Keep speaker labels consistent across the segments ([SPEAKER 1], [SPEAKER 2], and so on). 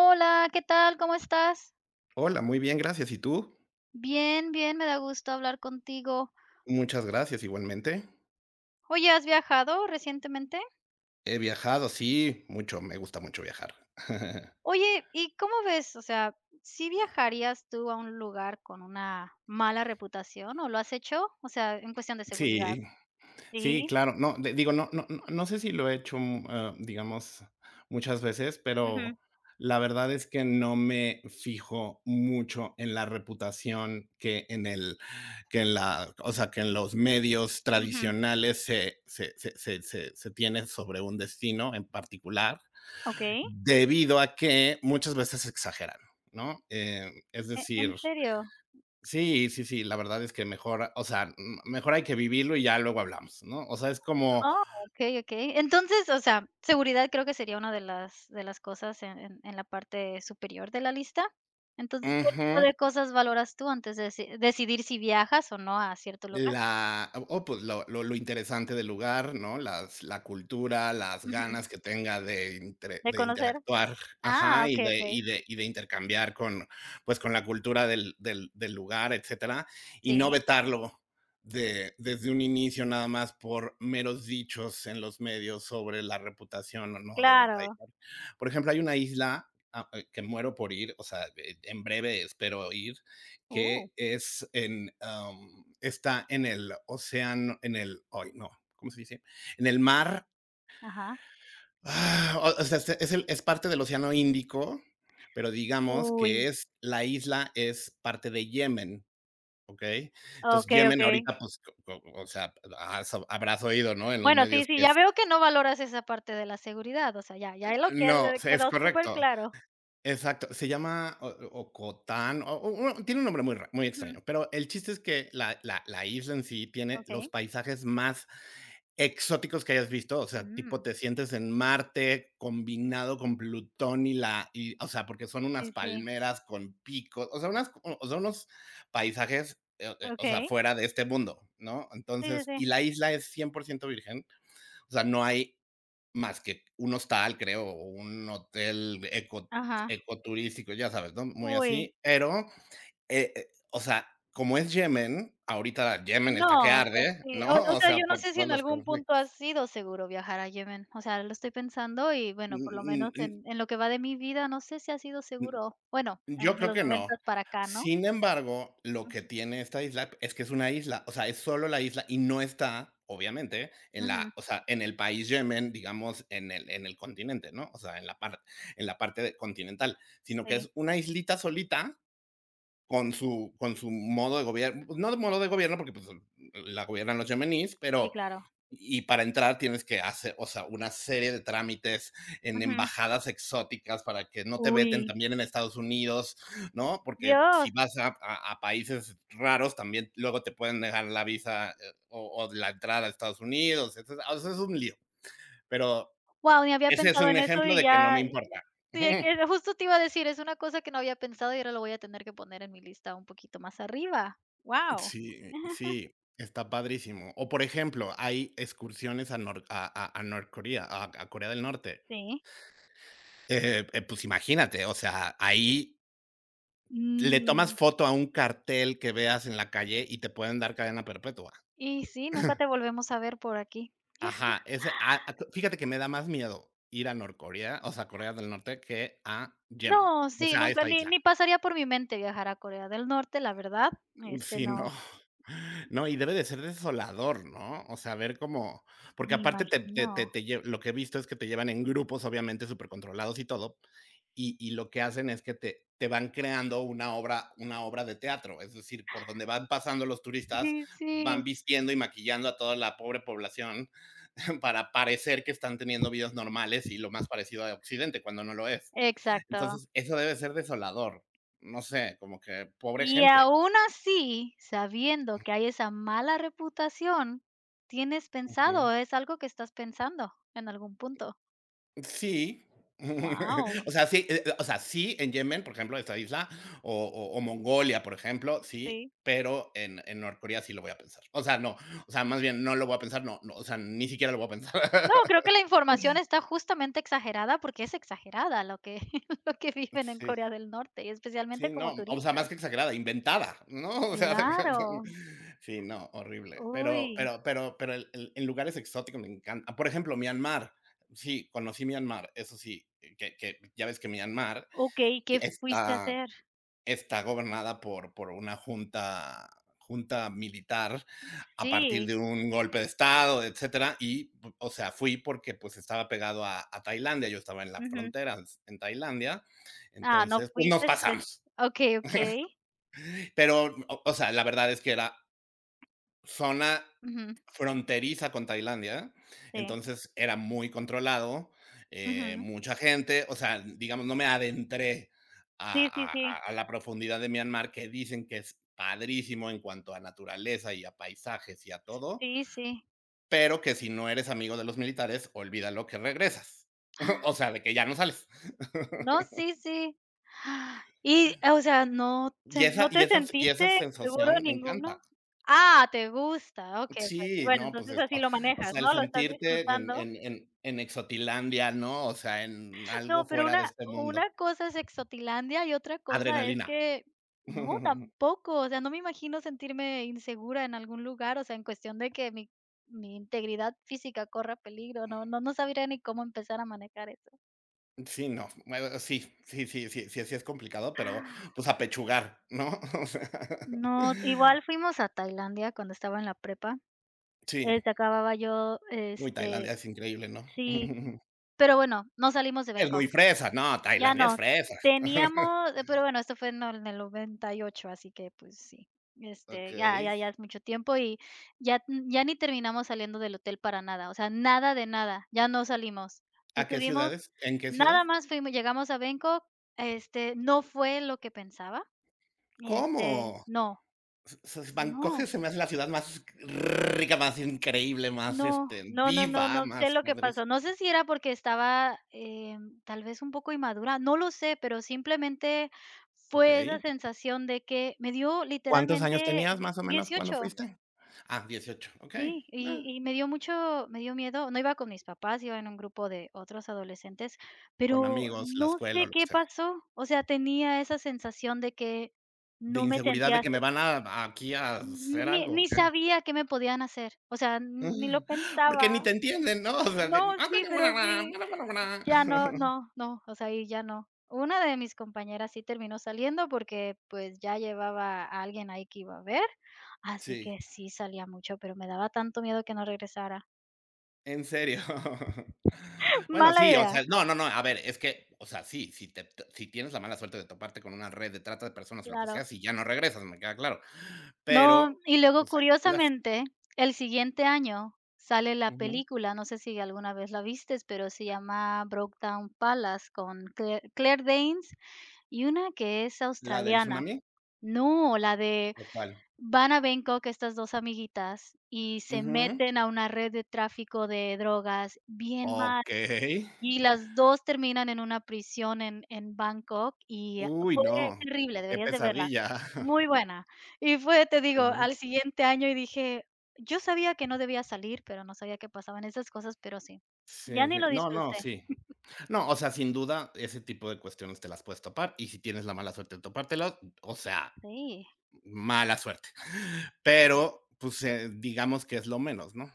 [SPEAKER 1] Hola, ¿qué tal? ¿Cómo estás?
[SPEAKER 2] Hola, muy bien, gracias. ¿Y tú?
[SPEAKER 1] Bien, bien, me da gusto hablar contigo.
[SPEAKER 2] Muchas gracias, igualmente.
[SPEAKER 1] Oye, ¿has viajado recientemente?
[SPEAKER 2] He viajado, sí, mucho, me gusta mucho viajar.
[SPEAKER 1] Oye, ¿y cómo ves? O sea, ¿sí viajarías tú a un lugar con una mala reputación o lo has hecho? O sea, en cuestión de seguridad.
[SPEAKER 2] Sí, sí,
[SPEAKER 1] Sí.
[SPEAKER 2] claro. No de, digo, no no no sé si lo he hecho mu eh, digamos, muchas veces,
[SPEAKER 1] Ujú.
[SPEAKER 2] pero la verdad es que no me fijo mucho en la reputación que en el que en la, o sea, que en los medios
[SPEAKER 1] Ujú.
[SPEAKER 2] tradicionales se se se se se tiene sobre un destino en particular,
[SPEAKER 1] Okey.
[SPEAKER 2] debido a que muchas veces se exageran, ¿no? Eh, es
[SPEAKER 1] ¿E en
[SPEAKER 2] decir
[SPEAKER 1] serio?
[SPEAKER 2] sí, sí, sí, la verdad es que mejor, o sea, m mejor hay que vivirlo y ya luego hablamos, ¿no? O sea, es como.
[SPEAKER 1] Oh, okey, okey. Entonces, o sea, seguridad creo que sería una de las de las cosas en en en la parte superior de la lista. Entonces, ¿qué tipo
[SPEAKER 2] Ujú.
[SPEAKER 1] de cosas valoras tú antes de deci decidir si viajas o no a cierto lugar?
[SPEAKER 2] La, o oh, pues, lo lo lo interesante del lugar, ¿no? Las la cultura, las
[SPEAKER 1] Ujú.
[SPEAKER 2] ganas que tenga de intre
[SPEAKER 1] De
[SPEAKER 2] de
[SPEAKER 1] conocer.
[SPEAKER 2] interactuar,
[SPEAKER 1] Ah,
[SPEAKER 2] ajá, y
[SPEAKER 1] okey,
[SPEAKER 2] de
[SPEAKER 1] okey.
[SPEAKER 2] y de y de intercambiar con, pues, con la cultura del del del lugar, etcétera, y no
[SPEAKER 1] Sí.
[SPEAKER 2] vetarlo de desde un inicio nada más por meros dichos en los medios sobre la reputación o no de un país.
[SPEAKER 1] Claro.
[SPEAKER 2] Por ejemplo, hay una isla, a e que muero por ir, o sea, e en breve espero ir,
[SPEAKER 1] Uh.
[SPEAKER 2] que es en, em, está en el océan en el, ay, no, ¿cómo se dice? En el mar
[SPEAKER 1] Ajá.
[SPEAKER 2] ah, o o sea, es el es parte del océano Índico, pero digamos
[SPEAKER 1] Uy.
[SPEAKER 2] que es, la isla es parte de Yemen, ¿okey? Entonces,
[SPEAKER 1] Okey,
[SPEAKER 2] Yemen
[SPEAKER 1] okey.
[SPEAKER 2] ahorita, pues, o o sea, has habrás oído, ¿no?, en los
[SPEAKER 1] Bueno, sí,
[SPEAKER 2] medios
[SPEAKER 1] sí,
[SPEAKER 2] que
[SPEAKER 1] ya
[SPEAKER 2] es.
[SPEAKER 1] veo que no valoras esa parte de la seguridad, o sea, ya ya ahí lo
[SPEAKER 2] No,
[SPEAKER 1] que
[SPEAKER 2] se es
[SPEAKER 1] quedó super
[SPEAKER 2] correcto.
[SPEAKER 1] claro.
[SPEAKER 2] Exacto. Se llama O Ocotán, o o tiene un nombre muy rar muy
[SPEAKER 1] Ujú.
[SPEAKER 2] extraño, pero el chiste es que la la la isla en sí tiene los
[SPEAKER 1] Okey.
[SPEAKER 2] paisajes más exóticos que hayas visto, o sea, tipo
[SPEAKER 1] Mm.
[SPEAKER 2] te sientes en Marte combinado con Plutón y la y, o sea, porque son unas
[SPEAKER 1] Sí, sí.
[SPEAKER 2] palmeras con pico, o sea, unas, o sea, unos paisajes, eh eh, o sea,
[SPEAKER 1] Okey.
[SPEAKER 2] fuera de este mundo, ¿no?
[SPEAKER 1] Sí, sí,
[SPEAKER 2] Entonces,
[SPEAKER 1] sí.
[SPEAKER 2] y la isla es 100% virgen, o sea, no hay más que un hostal, creo, o un hotel eco
[SPEAKER 1] Ajá.
[SPEAKER 2] eco turístico, ya sabes, ¿no?, muy
[SPEAKER 1] Uy.
[SPEAKER 2] así. Pero, eh, o sea, como es Yemen, ahorita Yemen está que
[SPEAKER 1] No, pues,
[SPEAKER 2] arde,
[SPEAKER 1] sí,
[SPEAKER 2] ¿no?
[SPEAKER 1] o o
[SPEAKER 2] O
[SPEAKER 1] sea,
[SPEAKER 2] sea,
[SPEAKER 1] yo no
[SPEAKER 2] por
[SPEAKER 1] sé si
[SPEAKER 2] todos
[SPEAKER 1] en
[SPEAKER 2] los
[SPEAKER 1] algún punto ha
[SPEAKER 2] conflictos.
[SPEAKER 1] sido seguro viajar a Yemen, o sea, lo estoy pensando y,
[SPEAKER 2] Mm
[SPEAKER 1] bueno, por lo
[SPEAKER 2] mm
[SPEAKER 1] menos
[SPEAKER 2] mm.
[SPEAKER 1] en en lo que va de mi vida, no sé si ha sido
[SPEAKER 2] M
[SPEAKER 1] seguro, bueno,
[SPEAKER 2] yo
[SPEAKER 1] entre
[SPEAKER 2] creo
[SPEAKER 1] los
[SPEAKER 2] que no.
[SPEAKER 1] noventas para acá, ¿no?
[SPEAKER 2] Sin embargo, lo que
[SPEAKER 1] Ujú.
[SPEAKER 2] tiene esta isla es que es una isla, o sea, es solo la isla y no está, obviamente, en la,
[SPEAKER 1] Ujú.
[SPEAKER 2] o sea, en el país Yemen, digamos, en el en el continente, ¿no? O sea, en la par en la parte continental. Sino que
[SPEAKER 1] Sí.
[SPEAKER 2] es una islita solita con su con su modo de gobier pues, no de modo de gobierno porque, pues, la gobiernan los yemeníes,
[SPEAKER 1] Sí,
[SPEAKER 2] pero
[SPEAKER 1] claro.
[SPEAKER 2] y para entrar tienes que hace, o sea, una serie de trámites en
[SPEAKER 1] Ujú.
[SPEAKER 2] embajadas exóticas para que no te veten
[SPEAKER 1] Uy.
[SPEAKER 2] también en Estados Unidos, ¿no? Porque
[SPEAKER 1] Dios.
[SPEAKER 2] si vas a a países raros, también luego te pueden degar la visa o o la entrada a Estados Unidos, o sea, eso es un lío. Pero
[SPEAKER 1] Guau, ni había
[SPEAKER 2] ese es
[SPEAKER 1] pensado
[SPEAKER 2] un
[SPEAKER 1] en eso
[SPEAKER 2] ejemplo
[SPEAKER 1] y
[SPEAKER 2] de que no me
[SPEAKER 1] ya
[SPEAKER 2] importa.
[SPEAKER 1] sí
[SPEAKER 2] Ujú,
[SPEAKER 1] es
[SPEAKER 2] ujú.
[SPEAKER 1] que justo te iba a decir, es una cosa que no había pensado y ahora lo voy a tener que poner en mi lista un poquito más arriba. Guau.
[SPEAKER 2] Sí, sí, está padrísimo. O por ejemplo, hay excursiones a nor a North Korea, a a Corea del Norte.
[SPEAKER 1] Sí.
[SPEAKER 2] Eh eh, pues, imagínate, o sea, ahí le tomas
[SPEAKER 1] Mm.
[SPEAKER 2] foto a un cartel que veas en la calle y te pueden dar cadena perpetua.
[SPEAKER 1] Y sí, nunca te volvemos a ver por aquí.
[SPEAKER 2] Ajá, ese, ah, fíjate que me da más miedo ir a North Korea, o sea, a Corea del Norte, que a Yemen,
[SPEAKER 1] No,
[SPEAKER 2] o
[SPEAKER 1] sí,
[SPEAKER 2] sea, a
[SPEAKER 1] nunca,
[SPEAKER 2] esta
[SPEAKER 1] ni
[SPEAKER 2] isla.
[SPEAKER 1] ni pasaría por mi mente viajar a Corea del Norte, la verdad,
[SPEAKER 2] Mm,
[SPEAKER 1] este,
[SPEAKER 2] sí, no,
[SPEAKER 1] no.
[SPEAKER 2] no, y debe de ser desolador, ¿no? O sea, ver cómo porque
[SPEAKER 1] Me
[SPEAKER 2] aparte te te te
[SPEAKER 1] imagino.
[SPEAKER 2] te lle lo que he visto es que te llevan en grupos, obviamente, súper controlados y todo, y y lo que hacen es que te te van creando una obra una obra de teatro. Es decir, por donde van pasando los turistas,
[SPEAKER 1] Sí,
[SPEAKER 2] van
[SPEAKER 1] sí.
[SPEAKER 2] vistiendo y maquillando a toda la pobre población para parecer que están teniendo vidas normales y lo más parecido a occidente, cuando no lo es.
[SPEAKER 1] Exacto.
[SPEAKER 2] Entonces, eso debe ser desolador. No sé, como que pobre
[SPEAKER 1] Y
[SPEAKER 2] gente.
[SPEAKER 1] aún así, sabiendo que hay esa mala reputación, tienes pensado
[SPEAKER 2] Ujú.
[SPEAKER 1] es algo que estás pensando en algún punto.
[SPEAKER 2] Sí.
[SPEAKER 1] Guau.
[SPEAKER 2] O sea, sí, eh eh, o sea, sí en Yemen, por ejemplo, de esta isla, o o o Mongolia, por ejemplo, sí,
[SPEAKER 1] Sí.
[SPEAKER 2] pero en en Norcorea sí lo voy a pensar. O sea, no, o sea, más bien, no lo voy a pensar, no, no, o sea, ni siquiera lo voy a pensar.
[SPEAKER 1] No, creo que la información está justamente exagerada porque es exagerada lo que lo que
[SPEAKER 2] Mm,
[SPEAKER 1] viven en
[SPEAKER 2] sí.
[SPEAKER 1] Corea del Norte y
[SPEAKER 2] Sí,
[SPEAKER 1] especialmente como
[SPEAKER 2] no, o sea, más
[SPEAKER 1] turistas.
[SPEAKER 2] que exagerada, inventada, ¿no? O sea,
[SPEAKER 1] Claro.
[SPEAKER 2] sí, no, horrible. Pero
[SPEAKER 1] Uy.
[SPEAKER 2] pero pero pero el el en lugares exóticos me encan Por ejemplo, Myanmar. Sí, conocí Myanmar, eso sí, que que ya ves que Myanmar
[SPEAKER 1] Okey, ¿qué fuiste a
[SPEAKER 2] está
[SPEAKER 1] hacer?
[SPEAKER 2] está gobernada por por una junta junta militar a partir
[SPEAKER 1] Sí.
[SPEAKER 2] de un golpe de estado, etcétera. Y o sea, fui porque, pues, estaba pegado a a Tailandia. Yo estaba en la
[SPEAKER 1] Ujú.
[SPEAKER 2] frontera, en Tailandia,
[SPEAKER 1] Ah, no
[SPEAKER 2] entonces, pues, nos
[SPEAKER 1] fuiste, pues
[SPEAKER 2] pasamos.
[SPEAKER 1] okey, okey.
[SPEAKER 2] Pero, o sea, la verdad es que era zona
[SPEAKER 1] Ujú.
[SPEAKER 2] fronteriza con Tailandia.
[SPEAKER 1] Sí.
[SPEAKER 2] Entonces era muy controlado, eh,
[SPEAKER 1] Ujú.
[SPEAKER 2] mucha gente, o sea, digamos, no me adentré
[SPEAKER 1] Sí, sí,
[SPEAKER 2] a
[SPEAKER 1] sí.
[SPEAKER 2] a a la profundidad de Myanmar, que dicen que es padrísimo en cuanto a naturaleza y a paisajes y a todo,
[SPEAKER 1] Sí, sí.
[SPEAKER 2] pero que si no eres amigo de los militares, olvida lo que regresas.
[SPEAKER 1] Ah.
[SPEAKER 2] O sea, de que ya no sales.
[SPEAKER 1] No, sí, sí. Ah, y, o sea, no
[SPEAKER 2] Y
[SPEAKER 1] sen
[SPEAKER 2] esa
[SPEAKER 1] no te
[SPEAKER 2] y
[SPEAKER 1] ¿no te
[SPEAKER 2] esa y
[SPEAKER 1] sentiste
[SPEAKER 2] esa
[SPEAKER 1] seguro
[SPEAKER 2] sensación me
[SPEAKER 1] ninguno?
[SPEAKER 2] encanta.
[SPEAKER 1] Ah! Te gusta, okey, okey.
[SPEAKER 2] Sí,
[SPEAKER 1] Bueno,
[SPEAKER 2] no, pues,
[SPEAKER 1] entonces,
[SPEAKER 2] es
[SPEAKER 1] así lo
[SPEAKER 2] o
[SPEAKER 1] manejas,
[SPEAKER 2] sea el
[SPEAKER 1] ¿no? Lo estás
[SPEAKER 2] sentirte en
[SPEAKER 1] disfrutando.
[SPEAKER 2] en en en exotilandia ¿no? O sea en
[SPEAKER 1] No,
[SPEAKER 2] algo
[SPEAKER 1] pero
[SPEAKER 2] fuera de
[SPEAKER 1] una
[SPEAKER 2] este mundo.
[SPEAKER 1] una cosa es exotilandia y otra cosa es
[SPEAKER 2] Adrenalina.
[SPEAKER 1] que no, tampoco, o sea, no me imagino sentirme insegura en algún lugar, o sea, en cuestión de que mi mi integridad física corra peligro, no no no sabría ni cómo empezar a manejar eso.
[SPEAKER 2] Sí, no, mejor sí, sí, sí, sí, sí es complicado, pero, o sea, apechugar, ¿no? O esa.
[SPEAKER 1] No, igual fuimos a Tailandia cuando estaba en la prepa,
[SPEAKER 2] Sí.
[SPEAKER 1] eh, se acababa yo
[SPEAKER 2] Uy, Tailandia
[SPEAKER 1] este,
[SPEAKER 2] es increíble, ¿no?
[SPEAKER 1] sí, pero bueno, no salimos de
[SPEAKER 2] Es
[SPEAKER 1] Bangkok.
[SPEAKER 2] muy fresa, no,
[SPEAKER 1] Ya
[SPEAKER 2] Tailandia es
[SPEAKER 1] no,
[SPEAKER 2] fresa.
[SPEAKER 1] teníamos pero bueno, esto fue en, en el 98, así que, pues, sí, este, ya ya
[SPEAKER 2] Okey.
[SPEAKER 1] ya es mucho tiempo y ya n ya ni terminamos saliendo del hotel para nada, o sea, nada de nada, ya no salimos.
[SPEAKER 2] ¿A qué
[SPEAKER 1] Estuvimos
[SPEAKER 2] ciudades? ¿En qué ciudad?
[SPEAKER 1] nada más fuimos, llegamos a Bangkok, este, no fue lo que pensaba, este,
[SPEAKER 2] ¿Cómo?
[SPEAKER 1] no,
[SPEAKER 2] s s Bangkok
[SPEAKER 1] no.
[SPEAKER 2] se me hace la ciudad más rica, más increíble, más,
[SPEAKER 1] No.
[SPEAKER 2] este,
[SPEAKER 1] No, no, no,
[SPEAKER 2] viva,
[SPEAKER 1] no, no sé
[SPEAKER 2] más
[SPEAKER 1] lo
[SPEAKER 2] más
[SPEAKER 1] que
[SPEAKER 2] feliz.
[SPEAKER 1] pasó. No sé si era porque estaba, eh, tal vez un poco inmadura, no lo sé, pero simplemente fue esa
[SPEAKER 2] Okey.
[SPEAKER 1] sensación de que me dio
[SPEAKER 2] ¿Cuántos años
[SPEAKER 1] literalmente
[SPEAKER 2] tenías
[SPEAKER 1] die
[SPEAKER 2] más o menos? ¿Cuándo
[SPEAKER 1] 18.
[SPEAKER 2] fuiste? Ah, 18. Okey,
[SPEAKER 1] Sí, y
[SPEAKER 2] na.
[SPEAKER 1] y me dio mucho me dio miedo, no iba con mis papás, yo iba en un grupo de otros adolescentes,
[SPEAKER 2] Con
[SPEAKER 1] pero
[SPEAKER 2] amigos, la
[SPEAKER 1] no
[SPEAKER 2] escuela o
[SPEAKER 1] sé
[SPEAKER 2] lo que
[SPEAKER 1] qué
[SPEAKER 2] sea.
[SPEAKER 1] pasó, o sea, tenía esa sensación de que
[SPEAKER 2] De
[SPEAKER 1] no me
[SPEAKER 2] inseguridad de
[SPEAKER 1] sentía,
[SPEAKER 2] que me
[SPEAKER 1] se.
[SPEAKER 2] van a aquí a hacer
[SPEAKER 1] Ni
[SPEAKER 2] algo,
[SPEAKER 1] ni
[SPEAKER 2] ¿o qué?
[SPEAKER 1] sabía qué me podían hacer, o sea, ni lo
[SPEAKER 2] Porque ni
[SPEAKER 1] pensaba.
[SPEAKER 2] te entienden, ¿no? O sea.
[SPEAKER 1] No, sí, pero sí,
[SPEAKER 2] [unintelligible]
[SPEAKER 1] ya no, no, no, o sea, y ya no. Una de mis compañeras sí terminó saliendo porque, pues, ya llevaba a alguien ahí que iba a ver, así
[SPEAKER 2] Sí.
[SPEAKER 1] que sí salía mucho, pero me daba tanto miedo que no regresara.
[SPEAKER 2] ¿En serio? Bueno,
[SPEAKER 1] Mala
[SPEAKER 2] sí, o
[SPEAKER 1] idea.
[SPEAKER 2] sea, no no no, a ver, es que, o sea, si si te te si tienes la mala suerte de toparte con una red de trata de personas o lo que
[SPEAKER 1] Claro.
[SPEAKER 2] sea, si ya no regresas, me queda claro.
[SPEAKER 1] No,
[SPEAKER 2] Pero,
[SPEAKER 1] y luego
[SPEAKER 2] pues hay que cuidarse.
[SPEAKER 1] curiosamente el siguiente año sale la
[SPEAKER 2] Ujú.
[SPEAKER 1] película, no sé si alguna vez la viste pero se llama Brokedown Palace con Claire Claire Danes y una que es
[SPEAKER 2] ¿La del
[SPEAKER 1] australiana.
[SPEAKER 2] tsunami?
[SPEAKER 1] No, la de
[SPEAKER 2] ¿O cuál?
[SPEAKER 1] van a Bangkok estas 2 amiguitas y se
[SPEAKER 2] Ujú.
[SPEAKER 1] meten a una red de tráfico de drogas bien mal,
[SPEAKER 2] Okey.
[SPEAKER 1] y las 2 terminan en una prisión en en Bangkok y ah
[SPEAKER 2] Uy,
[SPEAKER 1] fue
[SPEAKER 2] no.
[SPEAKER 1] terrible,
[SPEAKER 2] Qué
[SPEAKER 1] deberías de verla.
[SPEAKER 2] pesadilla.
[SPEAKER 1] Muy buena. Y fue, te digo,
[SPEAKER 2] Okey.
[SPEAKER 1] al siguiente año y dije: "Yo sabía que no debía salir, pero no sabía que pasaban esas cosas", pero sí. Ya
[SPEAKER 2] Sí
[SPEAKER 1] ni
[SPEAKER 2] sí.
[SPEAKER 1] lo
[SPEAKER 2] No no,
[SPEAKER 1] disfruté.
[SPEAKER 2] sí. No, o sea, sin duda ese tipo de cuestiones te las puedes topar, y si tienes la mala suerte de topártelo, o sea,
[SPEAKER 1] Sí.
[SPEAKER 2] mala suerte. Pero, pues, eh, digamos que es lo menos, ¿no?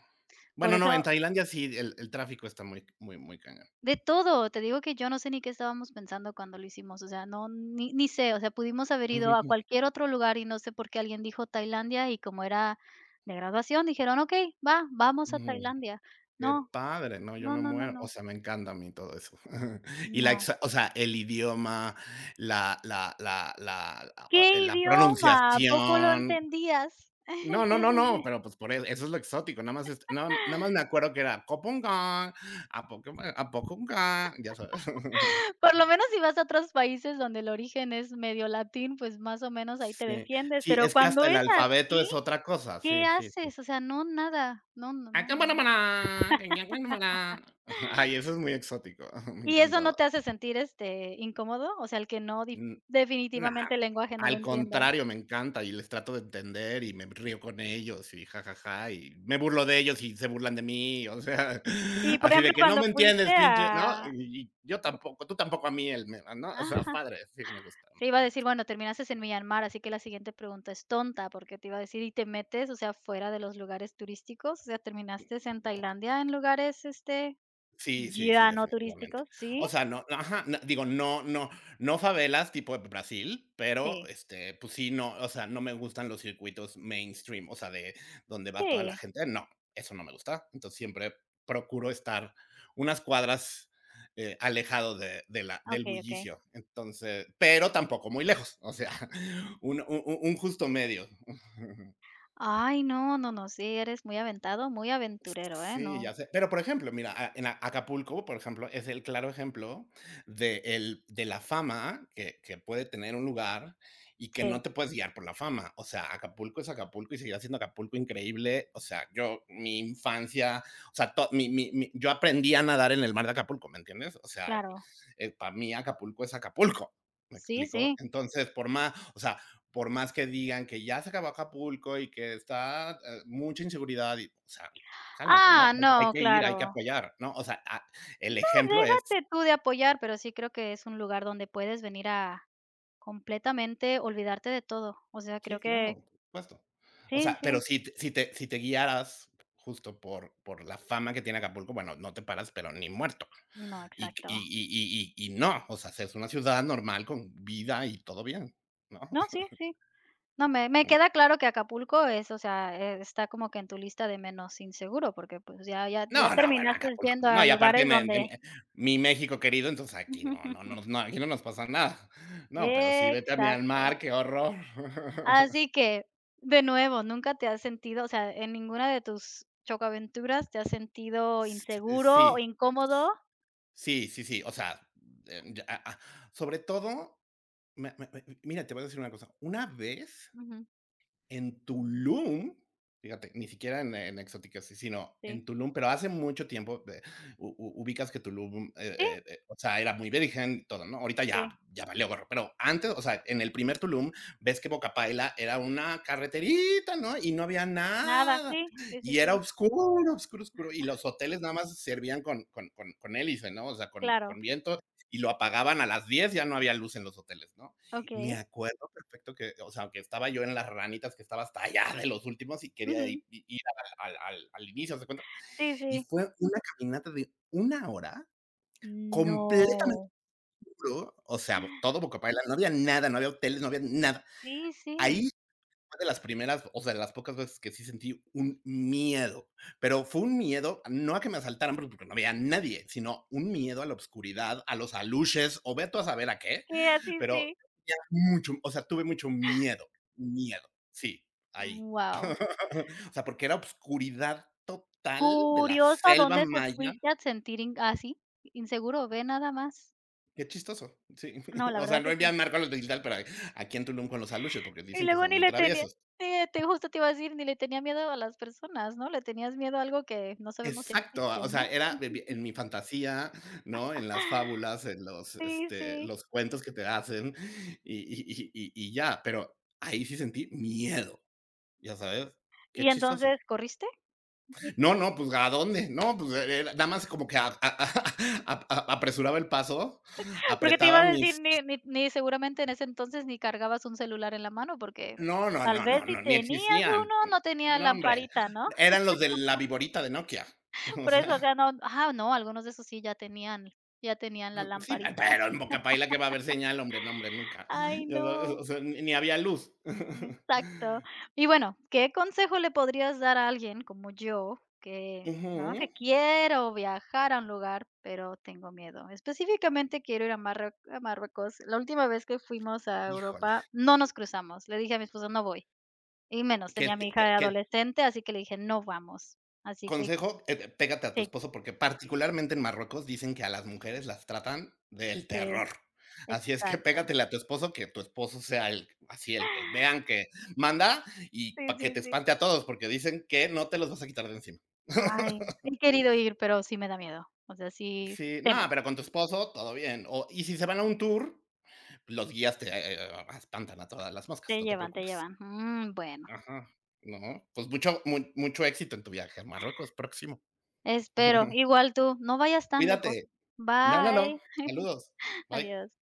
[SPEAKER 1] Por
[SPEAKER 2] Bueno, no, en
[SPEAKER 1] eso
[SPEAKER 2] Tailandia sí, el el tráfico está muy muy muy cañón.
[SPEAKER 1] De todo, te digo que yo no sé ni qué estábamos pensando cuando lo hicimos, o sea, no ni ni sé, o sea, pudimos haber ido a
[SPEAKER 2] [unintelligible]
[SPEAKER 1] cualquier otro lugar y no sé por qué alguien dijo Tailandia y como era de graduación, dijeron: "Okey, va, vamos a Tailandia".
[SPEAKER 2] Qué
[SPEAKER 1] No,
[SPEAKER 2] padre. No, yo
[SPEAKER 1] no
[SPEAKER 2] me
[SPEAKER 1] no no
[SPEAKER 2] muero. O
[SPEAKER 1] no.
[SPEAKER 2] sea, me encanta a mí todo eso. Y la
[SPEAKER 1] No.
[SPEAKER 2] exac o sea, el idioma, la la la la
[SPEAKER 1] ¿Qué
[SPEAKER 2] eh, la
[SPEAKER 1] idioma? ¿A poco lo
[SPEAKER 2] pronunciación.
[SPEAKER 1] entendías?
[SPEAKER 2] No no no no, pero pues por él eso es lo exótico. Nada más es no, nada más me acuerdo que era, cupong cong, a cop a poco clan, ya sabes.
[SPEAKER 1] Por lo menos si vas a otros países donde el origen es medio latín, pues más o menos ahí te
[SPEAKER 2] Sí
[SPEAKER 1] defiendes,
[SPEAKER 2] si,
[SPEAKER 1] pero
[SPEAKER 2] es que
[SPEAKER 1] cuando
[SPEAKER 2] hasta el
[SPEAKER 1] es
[SPEAKER 2] alfabeto
[SPEAKER 1] así,
[SPEAKER 2] es otra cosa,
[SPEAKER 1] ¿qué
[SPEAKER 2] sí sí sí.
[SPEAKER 1] haces? O sea, no nada, no no
[SPEAKER 2] A
[SPEAKER 1] no no no.
[SPEAKER 2] cumonamana, eñamnenumana, ah, y eso es muy exótico. Me
[SPEAKER 1] ¿Y eso no
[SPEAKER 2] encantaba.
[SPEAKER 1] te hace sentir, este, incómodo? O sea, el que no dif
[SPEAKER 2] Mm, no,
[SPEAKER 1] definitivamente el lenguaje no lo
[SPEAKER 2] al
[SPEAKER 1] entiendas.
[SPEAKER 2] contrario, me encanta y les trato de entender y me río con ellos y ja, ja, ja y me burlo de ellos y se burlan de mí, o sea,
[SPEAKER 1] Y, por
[SPEAKER 2] así
[SPEAKER 1] ejemplo,
[SPEAKER 2] de que: "No
[SPEAKER 1] cuando
[SPEAKER 2] me
[SPEAKER 1] fuiste
[SPEAKER 2] entiendes pinche", ¿no?
[SPEAKER 1] a
[SPEAKER 2] Y y, yo tampoco, tú tampoco a mí él me ¿no? O sea,
[SPEAKER 1] Ajá.
[SPEAKER 2] padre, sí, me gusta
[SPEAKER 1] Te iba a
[SPEAKER 2] me
[SPEAKER 1] decir,
[SPEAKER 2] gusta.
[SPEAKER 1] bueno, terminaste en Myanmar, así que la siguiente pregunta es tonta porque te iba a decir, ¿y te metes o sea fuera de los lugares turísticos? O sea, ¿terminaste en Tailandia en lugares este,
[SPEAKER 2] Sí sí sí,
[SPEAKER 1] ya no
[SPEAKER 2] definitivamente.
[SPEAKER 1] turísticos? ¿Sí?
[SPEAKER 2] O sea, no ajá, no digo, no no no favelas tipo Brasil, pero,
[SPEAKER 1] Sí.
[SPEAKER 2] este, pues sí, no o sea, no me gustan los circuitos mainstream, o sea, de donde va toda la
[SPEAKER 1] Sí.
[SPEAKER 2] gente. No, eso no me gusta. Entonces, siempre procuro estar unas cuadras, eh, alejado de de la
[SPEAKER 1] Ah,
[SPEAKER 2] del
[SPEAKER 1] okey okey.
[SPEAKER 2] bullicio. Entonces, pero tampoco muy lejos, o sea, un un u un justo medio.
[SPEAKER 1] Ay, no no no, sí, eres muy aventado, muy aventurero, eh,
[SPEAKER 2] Sí,
[SPEAKER 1] no.
[SPEAKER 2] ya sé. Pero por ejemplo, mira, ah, en a Acapulco, por ejemplo, es el claro ejemplo de el de la fama que que puede tener un lugar y que
[SPEAKER 1] Sí.
[SPEAKER 2] no te puedes guiar por la fama. O sea, Acapulco es Acapulco y seguira siendo Acapulco increíble. O sea, yo, mi infancia, o sea, to mi mi mi mi yo aprendí a nadar en el mar de Acapulco, ¿me entiendes? O sea,
[SPEAKER 1] Claro.
[SPEAKER 2] eh, para mí Acapulco es Acapulco, ¿me
[SPEAKER 1] Sí
[SPEAKER 2] explico?
[SPEAKER 1] sí.
[SPEAKER 2] Entonces, por má o sea, por más que digan que ya se acabó Acapulco y que está, eh, mucha inseguridad y o sea, cálmate, ¿no?
[SPEAKER 1] Ah,
[SPEAKER 2] Hay
[SPEAKER 1] no,
[SPEAKER 2] que ir, hay que
[SPEAKER 1] claro.
[SPEAKER 2] apoyar, ¿no? O sea, ah,
[SPEAKER 1] No,
[SPEAKER 2] el ejemplo es
[SPEAKER 1] déjate tú de apoyar, pero sí creo que es un lugar donde puedes venir a completamente olvidarte de todo, o sea,
[SPEAKER 2] Sí,
[SPEAKER 1] creo que
[SPEAKER 2] claro, por supuesto. O
[SPEAKER 1] Sí
[SPEAKER 2] sea, pero
[SPEAKER 1] sí.
[SPEAKER 2] si si te si te guiaras justo por por la fama que tiene Acapulco bueno, no te paras, pero ni muerto.
[SPEAKER 1] No,
[SPEAKER 2] Y y
[SPEAKER 1] exacto.
[SPEAKER 2] y y y no, o sea, es una ciudad normal con vida y todo bien, ¿no?
[SPEAKER 1] No, sí sí. No, me me
[SPEAKER 2] Mm.
[SPEAKER 1] queda claro que Acapulco es o sea, eh, está como que en tu lista de menos inseguro, porque, pues, ya ya ya
[SPEAKER 2] No no, bueno
[SPEAKER 1] terminaste
[SPEAKER 2] Acapulco.
[SPEAKER 1] yendo
[SPEAKER 2] No,
[SPEAKER 1] a
[SPEAKER 2] y aparte
[SPEAKER 1] lugares
[SPEAKER 2] me en
[SPEAKER 1] donde
[SPEAKER 2] eh, mi México querido, entonces aquí no no no no, aquí no nos pasa nada. No, pero sí, vete a
[SPEAKER 1] Exacto.
[SPEAKER 2] Myanmar, qué horror.
[SPEAKER 1] Así que de nuevo, nunca te has sentido, o sea, ¿en ninguna de tus chocoaventuras te has sentido
[SPEAKER 2] S eh,
[SPEAKER 1] inseguro o
[SPEAKER 2] sí.
[SPEAKER 1] incómodo?
[SPEAKER 2] Sí sí sí, o sea, eh, ah ah, sobre todo, me me me mira, te voy a decir una cosa, una vez
[SPEAKER 1] Ujú.
[SPEAKER 2] en Tulum, fíjate, ni siquiera en en exóticas, sino
[SPEAKER 1] Sí.
[SPEAKER 2] en Tulum, pero hace mucho tiempo de u u ubicas que Tulum, eh
[SPEAKER 1] Sí.
[SPEAKER 2] eh eh, o sea, era muy virgen todo, ¿no? Ahorita ya
[SPEAKER 1] Sí.
[SPEAKER 2] ya valió gorro. Pero antes, o sea, en el primer Tulum, ves que Bocapaila era una carreterita, ¿no? Y no había
[SPEAKER 1] Nada,
[SPEAKER 2] nada.
[SPEAKER 1] sí sí
[SPEAKER 2] Y
[SPEAKER 1] sí
[SPEAKER 2] era
[SPEAKER 1] sí.
[SPEAKER 2] oscuro, oscuro, oscuro. Y
[SPEAKER 1] Ajá.
[SPEAKER 2] los hoteles nada más se servían con con con con con hélice, ¿no? O sea, con
[SPEAKER 1] Claro.
[SPEAKER 2] con viento y lo apagaban a las 10 ya no había luz en los hoteles, ¿no? Me
[SPEAKER 1] Okey.
[SPEAKER 2] acuerdo perfecto que o sea, que estaba yo en las ranitas, que estaba hasta allá de los últimos y quería
[SPEAKER 1] Ujú.
[SPEAKER 2] i i ir al al al al inicio, haz de cuenta.
[SPEAKER 1] Sí
[SPEAKER 2] Y
[SPEAKER 1] sí.
[SPEAKER 2] fue una caminata de una hora completamente
[SPEAKER 1] No.
[SPEAKER 2] obscuro. O sea, todo Bocapaila, no había nada, no había hoteles, no había nada.
[SPEAKER 1] Sí
[SPEAKER 2] Ahí
[SPEAKER 1] sí.
[SPEAKER 2] fue de las primeras, o sea, de las pocas veces que sí sentí un miedo. Pero fue un miedo, no a que me asaltaran, pero, porque no había nadie, sino un miedo a la oscuridad, a los alushes, o ve tu a saber a qué.
[SPEAKER 1] Sí, así
[SPEAKER 2] Pero,
[SPEAKER 1] sí.
[SPEAKER 2] había mucho, o sea, tuve mucho miedo. Miedo. Sí, ahí.
[SPEAKER 1] Wao.
[SPEAKER 2] O sea, porque era oscuridad total de la
[SPEAKER 1] Curiosa
[SPEAKER 2] selva
[SPEAKER 1] dónde te
[SPEAKER 2] maya.
[SPEAKER 1] fuiste a sentir inga así, inseguro, ¿ve nada más?
[SPEAKER 2] Qué chistoso. Sí.
[SPEAKER 1] No, la
[SPEAKER 2] O sea,
[SPEAKER 1] verdad
[SPEAKER 2] no
[SPEAKER 1] que sí.
[SPEAKER 2] envían marco a los [unintelligible] pero aquí en Tulum con los aluxes, porque
[SPEAKER 1] Y
[SPEAKER 2] dicen que
[SPEAKER 1] luego
[SPEAKER 2] son
[SPEAKER 1] ni
[SPEAKER 2] muy
[SPEAKER 1] le tenía
[SPEAKER 2] traviesos.
[SPEAKER 1] sí, te justo te iba a decir, ni le tenía miedo a las personas, ¿no? Le tenías miedo a algo que no sabemos si
[SPEAKER 2] Exacto,
[SPEAKER 1] existe o
[SPEAKER 2] o sea,
[SPEAKER 1] no.
[SPEAKER 2] era de vi en mi fantasía, ¿no? En las fábulas, en los,
[SPEAKER 1] Sí,
[SPEAKER 2] este,
[SPEAKER 1] sí.
[SPEAKER 2] los cuentos que te hacen y y y y y ya, pero ahí sí sentí miedo, ¿ya sabes?, qué
[SPEAKER 1] Y
[SPEAKER 2] chistoso.
[SPEAKER 1] entonces, ¿corriste? [unintelligible]
[SPEAKER 2] No, no, pues, ¿a dónde? No, pues, eh, eh, nada más como que a a ap apresuraba el paso,
[SPEAKER 1] Porque te iba
[SPEAKER 2] apretaba
[SPEAKER 1] a decir,
[SPEAKER 2] mis s
[SPEAKER 1] ni ni ni seguramente, en ese entonces, ni cargabas un celular en la mano, porque
[SPEAKER 2] No no
[SPEAKER 1] tal
[SPEAKER 2] no
[SPEAKER 1] vez
[SPEAKER 2] no
[SPEAKER 1] si
[SPEAKER 2] no, ni
[SPEAKER 1] tenías
[SPEAKER 2] existían.
[SPEAKER 1] uno no tenía
[SPEAKER 2] No, hombre.
[SPEAKER 1] lamparita, ¿no?
[SPEAKER 2] Eran los de la viborita de Nokia. o
[SPEAKER 1] Por eso, o
[SPEAKER 2] sea.
[SPEAKER 1] sea, no ajá, no, algunos de esos sí ya tenían ya tenían la
[SPEAKER 2] R sí,
[SPEAKER 1] lamparita.
[SPEAKER 2] pero ay, en Boca Paila que va a ver señal, hombre, no hombre, nunca.
[SPEAKER 1] Ay,
[SPEAKER 2] O o
[SPEAKER 1] no.
[SPEAKER 2] o sea, ni había luz.
[SPEAKER 1] Mm, exacto, y bueno, ¿qué consejo le podrías dar a alguien como yo?, que, ¿no?,
[SPEAKER 2] Ujú.
[SPEAKER 1] que quiero viajar a un lugar, pero tengo miedo. Específicamente, quiero ir a marrue a Marruecos. La última vez que fuimos a Europa
[SPEAKER 2] Híjole.
[SPEAKER 1] no nos cruzamos. Le dije a mi esposo: "No voy". Y menos,
[SPEAKER 2] Que
[SPEAKER 1] tenía a
[SPEAKER 2] te
[SPEAKER 1] mi
[SPEAKER 2] que
[SPEAKER 1] hija
[SPEAKER 2] que
[SPEAKER 1] adolescente, así que le dije: "No vamos". Así que
[SPEAKER 2] Consejo, eh, pégate a tu
[SPEAKER 1] Sí.
[SPEAKER 2] esposo, porque, particularmente, en Marruecos, dicen que a las mujeres las tratan del
[SPEAKER 1] Sí.
[SPEAKER 2] terror. Así es que
[SPEAKER 1] Exacto.
[SPEAKER 2] pégatele a tu esposo, que tu esposo sea el, así el que vean que manda y
[SPEAKER 1] Sí,
[SPEAKER 2] para que
[SPEAKER 1] sí,
[SPEAKER 2] te
[SPEAKER 1] sí.
[SPEAKER 2] espante a todos, porque dicen que no te los vas a quitar de encima.
[SPEAKER 1] Ay, sí he querido ir, pero sí me da miedo, o sea, sí
[SPEAKER 2] Sí, no,
[SPEAKER 1] temo.
[SPEAKER 2] pero con tu esposo, todo bien, o y si se van a un tour, los guías te eh, e e e espantan a todas las moscas,
[SPEAKER 1] Te
[SPEAKER 2] no te
[SPEAKER 1] llevan, te
[SPEAKER 2] preocupes.
[SPEAKER 1] llevan, mm, bueno.
[SPEAKER 2] Ajá. No, pues mucho mu mucho éxito en tu viaje a Marruecos, próximo.
[SPEAKER 1] Espero, igual tú, no vayas tan lejos.
[SPEAKER 2] Cuídate. No no no.
[SPEAKER 1] Bye.
[SPEAKER 2] Saludos. Bye.
[SPEAKER 1] Adiós.